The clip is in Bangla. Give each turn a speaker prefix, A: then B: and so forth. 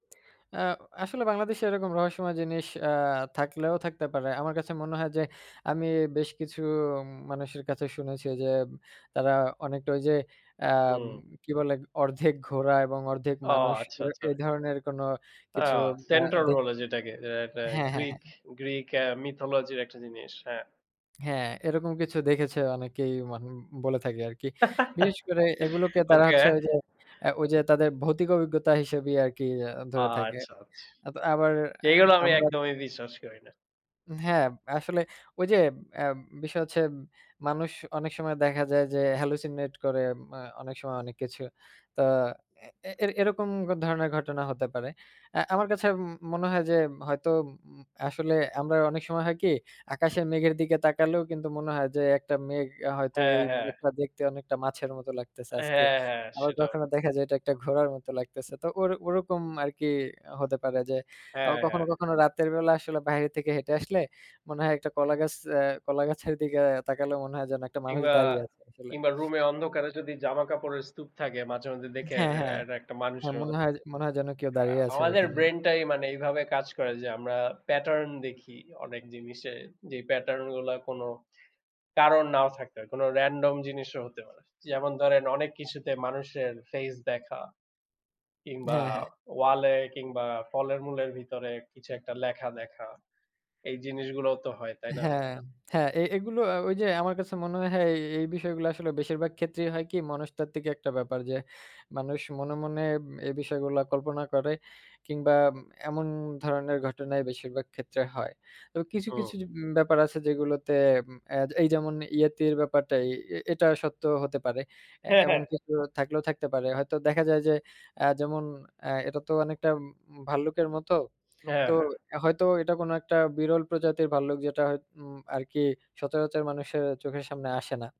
A: এ্যাঁ আসলে বাংলাদেশে এরকম রহস্যময় জিনিস আ থাকলেও থাকতে পারে। আমার কাছে মনে হয় যে আমি বেশ কিছু মানুষের কাছে শুনেছি এইযে তারা অনেকটা ওই যে আম
B: হুম।
A: কি বলে অর্ধেক ঘোড়া এবং অর্ধেক
B: ও
A: মানুষ
B: আচ্ছা,
A: এ
B: আচ্ছা।
A: এই ধরনের কোন কিছু
B: অ্যাঁ
A: আ
B: Central
A: দেখ
B: বলে যেটাকে। র‍্যাটা একটা
A: হ্যাঁ, হ্যাঁ,
B: Greek,
A: হ্যাঁ।
B: Greek এ্যাঁ mythology-র একটা জিনিস। হ্যাঁ।
A: হ্যাঁ, এরকম কিছু দেখেছে অনেকেই মান বলে থাকে আরকি। বিশেষ করে এগুলোকে তারা
B: ওকে।
A: হচ্ছে ওই যে এ্যাঁ তাদের ভৌতিক অভিজ্ঞতা হিসেবেই আরকি এ্যা
B: আ
A: ধরে থাকে।
B: আচ্ছা, আচ্ছা।
A: আত আবার এ্যা
B: যেগুলো আমি
A: আমরা
B: একদমই বিশ্বাস করি না।
A: উম হ্যাঁ, আসলে ওই যে এম বিষয় হচ্ছে মানুষ অনেক সময় দেখা যায় যে হ্যালুসিনেট করে এ্যা অনেক সময় অনেক কিছু। তো এ এ এরকম ধরনের ঘটনা হতে পারে। এ্যা আমার কাছে ম মনে হয় যে হয়তো উম উম আসলে আমরা অনেক সময় হয় কি, আকাশের মেঘের দিকে তাকালেও কিন্তু মনে হয় যে একটা মেঘ হয়তো
B: হ্যাঁ,
A: এই
B: হ্যাঁ।
A: মেঘটা দেখতে অনেকটা মাছের মতো লাগতেছে আজকে।
B: হ্যাঁ, হ্যাঁ,
A: আবার
B: সেটাও।
A: কখনো দেখা যায় এটা একটা ঘোড়ার মতো লাগতেছে তো ওই ওরকম আরকি হতে পারে। যে আবার
B: হ্যাঁ, হ্যাঁ।
A: কখনো, কখনো রাতের বেলা আসলে বাইরে থেকে হেঁটে আসলে মনে হয় একটা কলাগাছ, এ্যাঁ কলাগাছের দিকে তাকালেও মনে হয় যেন একটা মানুষ
B: কিংবা,
A: দাঁড়িয়ে আছে আসলে।
B: কিংবা, রুমে অন্ধকারে যদি জামা কাপড়ের স্তূপ থাকে, মাঝে, মাঝে, দেখে
A: হ্যাঁ,
B: রে
A: হ্যাঁ।
B: এটা একটা
A: হ্যাঁ, হ্যা,
B: মানুষের
A: মনে হয় মনে হয় যেন কেউ
B: আ
A: দাঁড়িয়ে আছে
B: আমাদের
A: ঐখানে।
B: Brain-টাই মানে এইভাবে কাজ করে যে আমরা Pattern দেখি অনেক জিনিসে। যে Pattern-গুলো কোন কারণ নাও থাকতে পারে, কোন Random জিনিসও হতে পারে। যেমন ধরেন অনেক
A: হ্যাঁ।
B: কিছুতে মানুষের Face দেখা। কিংবা
A: হ্যাঁ, হ্যাঁ।
B: Wall এ কিংবা ফলের-মুলের ভিতরে কিছু একটা লেখা দেখা। এই জিনিসগুলোও তো হয়, তাই
A: হ্যাঁ,
B: না?
A: হ্যাঁ হ্যা এ এগুলো আ ওই যে আমার কাছে মনে হয় এ এই বিষয়গুলো আসলে বেশিরভাগ ক্ষেত্রেই হয় কি মনস্তাত্ত্বিক একটা ব্যাপার যে, মানুষ মনে, মনে, এ বিষয়গুলা কল্পনা করে কিংবা এমন ধরনের ঘটনাই বেশিরভাগ ক্ষেত্রে হয়। তবে কিছু,
B: হুম।
A: কিছু, উম কিছু ব্যাপার আছে যেগুলোতে উম এ্যা এই যেমন ইয়েতির ব্যাপারটাই এ এটা সত্য হতে পারে। এ্যা
B: হ্যাঁ, হ্যাঁ।
A: এমন কিছু থাকলেও থাকতে পারে। হয়তো দেখা যায় যে এ্যাঁ যেমন এ্যাঁ এটা তো অনেকটা ভাল্লুকের মতো।
B: হ্যাঁ,
A: তো
B: হ্যাঁ।
A: হয়তো এটা কোন একটা বিরল প্রজাতির ভাল্লুক যেটা হয়ত উম আরকি সচরাচর মানুষের চোখের সামনে আসে না।